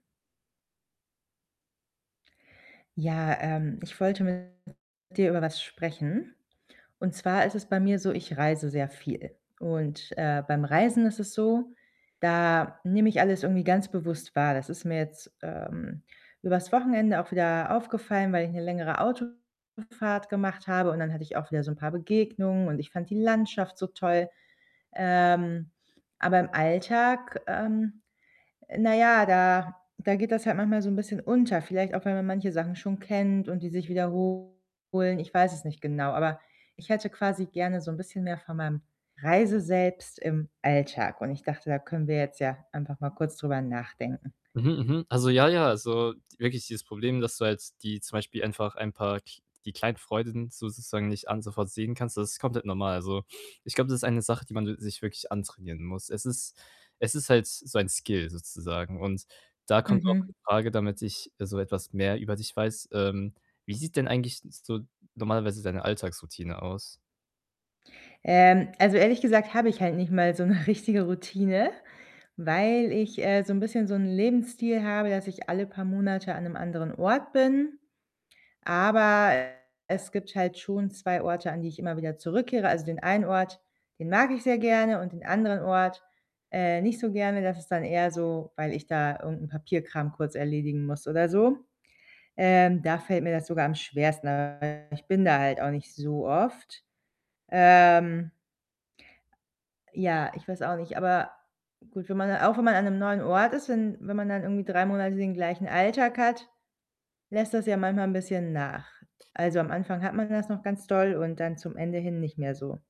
Ja, ähm, ich wollte mit dir über was sprechen. Und zwar ist es bei mir so, ich reise sehr viel. Und, äh, beim Reisen ist es so, da nehme ich alles irgendwie ganz bewusst wahr. Das ist mir jetzt, ähm, übers Wochenende auch wieder aufgefallen, weil ich 'ne längere Autofahrt gemacht habe und dann hatte ich auch wieder so 'n paar Begegnungen und ich fand die Landschaft so toll. Ähm, aber im Alltag, ähm, äh, na ja, da da geht das halt manchmal so 'n bisschen unter. Vielleicht auch, weil man manche Sachen schon kennt und die sich wiederholen. Ich weiß es nicht genau, aber ich hätte quasi gerne so 'n bisschen mehr von meinem Reise-Selbst im Alltag und ich dachte, da können wir jetzt ja einfach mal kurz drüber nachdenken. Mhm, mhm. Also, ja, ja, also, wirklich dieses Problem, dass du halt die zum Beispiel einfach ein paar kl die kleinen Freuden sozusagen nicht alle sofort sehen kannst, das ist komplett normal. Also, ich glaube, das ist eine Sache, die man s sich wirklich antrainieren muss. Es ist es ist halt so ein Skill sozusagen. Und da kommt auch Mhm. meine Frage, damit ich so etwas mehr über dich weiß. Ähm, wie sieht denn eigentlich so normalerweise deine Alltagsroutine aus? Ähm, also, ehrlich gesagt habe ich halt nicht mal so 'ne richtige Routine, weil ich, äh, so 'n bisschen so 'n Lebensstil habe, dass ich alle paar Monate an 'nem anderen Ort bin. Aber es gibt halt schon 2 Orte, an die ich immer wieder zurückkehre. Also, den einen Ort, den mag ich sehr gerne und den anderen Ort, äh, nicht so gerne. Das ist dann eher so, weil ich da irgend 'n Papierkram kurz erledigen muss oder so. Ähm, da fällt mir das sogar am schwersten, [unintelligible] ich bin da halt auch nicht so oft. Ähm ja, ich weiß auch nicht, aber gut, wenn man auch wenn man an 'nem neuen Ort ist, wenn wenn man dann irgendwie 3 Monate den gleichen Alltag hat, lässt das ja manchmal 'n bisschen nach. Also, am Anfang hat man das noch ganz doll und dann zum Ende hin nicht mehr so.